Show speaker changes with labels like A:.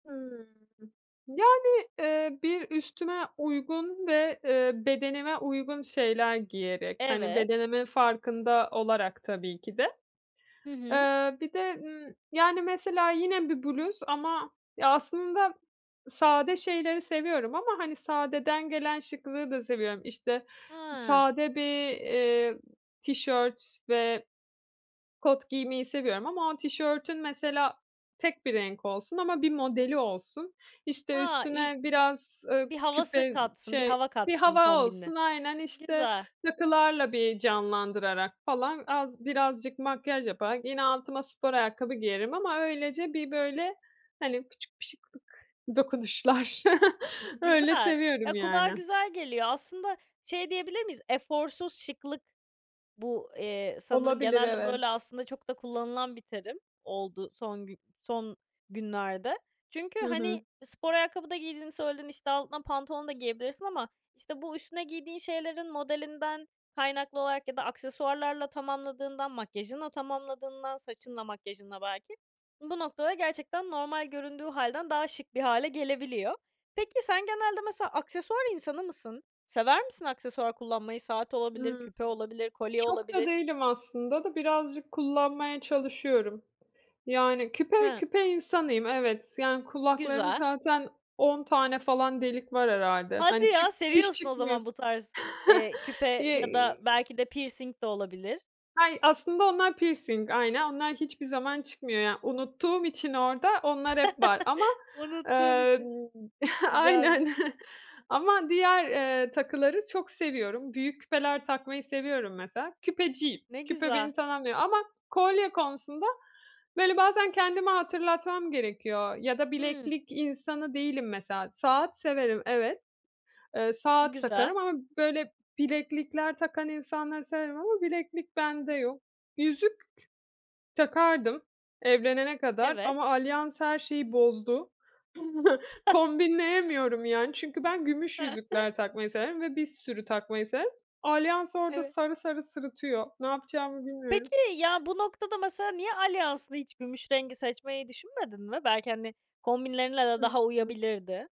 A: Hıı. Yani, eee, bir üstüme uygun ve, eee, bedenime uygun şeyler giyerek, hani,
B: Evet.
A: bedenimin farkında olarak tabii ki de.
B: Hı hı.
A: Eee, bir de, ııı, yani, mesela yine bir bluz ama ya, aslında sade şeyleri seviyorum ama, hani, sadeden gelen şıklığı da seviyorum. İşte,
B: Ha.
A: sade bir, eee, tişört ve kot giymeyi seviyorum ama o tişörtün mesela tek bir renk olsun ama bir modeli olsun, işte,
B: A! İy
A: üstüne biraz, ııı,
B: Bir havası
A: küpe,
B: katsın bir
A: şey
B: hava
A: Bir
B: katsın
A: hava
B: kombinle.
A: olsun, aynen. İşte,
B: Güzel.
A: takılarla bir canlandırarak falan az birazcık makyaj yaparak yine altıma spor ayakkabı giyerim ama öylece bir, böyle, hani, küçük bir şıklık dokunuşlar. Öyle
B: Güzel.
A: seviyorum,
B: Ya, kulağa
A: yani.
B: güzel geliyor. Aslında şey diyebilir miyiz? Eforsuz şıklık bu, eee, sanırım
A: Olabilir,
B: genelde
A: evet.
B: böyle aslında çok da kullanılan bir terim oldu son gü son günlerde. Çünkü,
A: Hı
B: hani,
A: hı.
B: spor ayakkabı da giydiğini söyledin, işte, altına pantolon da giyebilirsin ama, işte, bu üstüne giydiğin şeylerin modelinden kaynaklı olarak ya da aksesuarlarla tamamladığından, makyajınla tamamladığından, saçınla, makyajınla belki bu noktada gerçekten normal göründüğü hâlden daha şık bir hâle gelebiliyor. Peki, sen genelde mesela aksesuar insanı mısın? Sever misin aksesuar kullanmayı? Saat olabilir,
A: Hıı.
B: küpe olabilir, kolye
A: Çok da
B: olabilir.
A: değilim aslında da birazcık kullanmaya çalışıyorum. Yani, küpe
B: Ha.
A: küpe insanıyım, evet. Yani, kulaklarım
B: Güzel.
A: zaten 10 tane falan delik var herhâlde.
B: Hadi
A: Hani, çık
B: ya!
A: hiç
B: Seviyorsun o
A: çıkmıyor.
B: zaman bu tarz, eee, küpe
A: Ye
B: ya da belki de pirsing de olabilir.
A: Hay aslında onlar pirsing, aynen. Onlar hiçbir zaman çıkmıyor. Yani, unuttuğum için orada onlar hep var. Ama,
B: Unuttuğun
A: emm
B: için.
A: Aynen.
B: Güzelmiş.
A: Ama diğer, eee, takıları çok seviyorum. Büyük küpeler takmayı seviyorum mesela. Küpeciyim,
B: Ne
A: küpe
B: güzel.
A: beni tamamlıyor. Ama kolye konusunda, böyle, bazen kendime hatırlatmam gerekiyor ya da
B: Hımm.
A: bileklik insanı değilim mesela. Saat severim, evet. Eee, saat
B: Güzel.
A: takarım ama, böyle, bileklikler takan insanları severim ama bileklik bende yok. Yüzük takardım evlenene kadar
B: Evet.
A: ama alyans her şeyi bozdu.
B: [unintelligible]
A: Kombinleyemiyorum, yani, çünkü ben gümüş yüzükler takmayı severim ve bir sürü takmayı severim. Alyans orada
B: Evet.
A: sarı sarı sırıtıyor. Ne yapacağımı bilmiyorum.
B: Peki, ya, bu noktada mesela niye alyansını hiç gümüş rengi seçmeyi düşünmedin mi? Belki, hani, kombinlerinle de
A: Hı
B: daha
A: hı.
B: uyabilirdi.